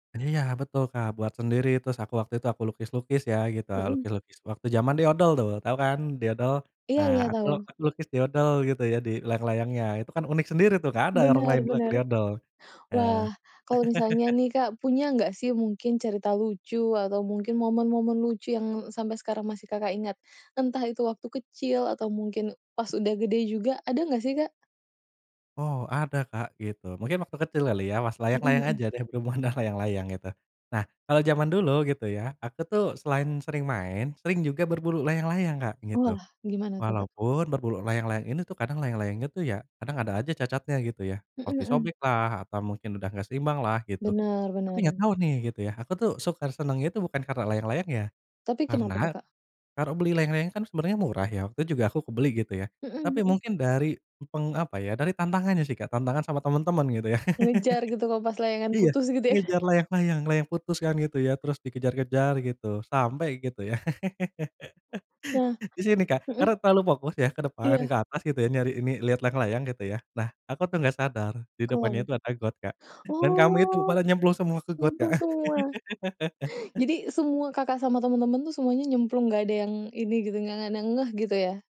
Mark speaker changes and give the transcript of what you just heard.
Speaker 1: Iya, betul, Kak, buat sendiri. Terus aku waktu itu aku lukis-lukis ya, gitu.
Speaker 2: Mhm.
Speaker 1: Lukis-lukis waktu zaman doodle, tuh. Tahu kan doodle?
Speaker 2: Iya
Speaker 1: Nah,
Speaker 2: iya,
Speaker 1: aku
Speaker 2: tahu.
Speaker 1: lukis doodle gitu ya di layang-layangnya. Itu kan unik sendiri tuh, nggak ada orang
Speaker 2: Benar,
Speaker 1: lain lagi
Speaker 2: benar.
Speaker 1: doodle. Nah
Speaker 2: Wah, kalau misalnya nih, Kak, punya nggak sih mungkin cerita lucu atau mungkin momen-momen lucu yang sampai sekarang masih Kakak ingat? Entah itu waktu kecil atau mungkin pas udah gede juga, ada nggak sih, Kak?
Speaker 1: Oh, ada, Kak, gitu. Mungkin waktu kecil kali ya, pas
Speaker 2: Mhm
Speaker 1: layang-layang
Speaker 2: mhm.
Speaker 1: aja deh, berhubungan dengan layang-layang, gitu. Nah, kalau zaman dulu, gitu ya, aku tuh selain sering main, sering juga berburu layang-layang, Kak, gitu.
Speaker 2: Wah, gimana tuh, Kak?
Speaker 1: Walaupun berburu layang-layang ini tuh kadang layang-layangnya tuh ya, kadang ada aja cacatnya, gitu ya,
Speaker 2: Mhm
Speaker 1: seperti
Speaker 2: mhm.
Speaker 1: sobek lah, atau mungkin udah enggak seimbang lah, gitu.
Speaker 2: Bener,
Speaker 1: Tapi nggak
Speaker 2: bener.
Speaker 1: tahu nih, gitu ya, aku tuh suka senengnya tuh bukan karena layang-layangnya.
Speaker 2: Tapi kenapa
Speaker 1: Karena
Speaker 2: tuh, Kak?
Speaker 1: kalau beli layang-layang kan sebenarnya murah ya, waktu itu juga aku kebeli, gitu ya.
Speaker 2: Mhm
Speaker 1: Tapi
Speaker 2: mhm.
Speaker 1: mungkin dari peng apa ya, dari tantangannya sih kayak tantangan sama teman-teman, gitu ya.
Speaker 2: Ngejar gitu kalo pas layangan
Speaker 1: Iya,
Speaker 2: putus, gitu, ya?
Speaker 1: ngejar layang-layang, layang putus kan, gitu ya, terus dikejar-kejar gitu sampai gitu, ya.
Speaker 2: Nah,
Speaker 1: Di sini, Kak, karena
Speaker 2: mhm.
Speaker 1: terlalu fokus ya, ke depan,
Speaker 2: Iya.
Speaker 1: ke atas, gitu ya, nyari ini lihat layang-layang, gitu ya. Nah, aku tuh nggak sadar di
Speaker 2: Kenapa?
Speaker 1: depannya itu ada got, Kak. Dan kami itu
Speaker 2: Oh,
Speaker 1: pada nyemplung semua ke got, Kak.
Speaker 2: nyemplung semua? Jadi semua Kakak sama temen-temen tuh semuanya nyemplung, nggak ada yang ini gitu, nggak ada yang ngeh, gitu ya?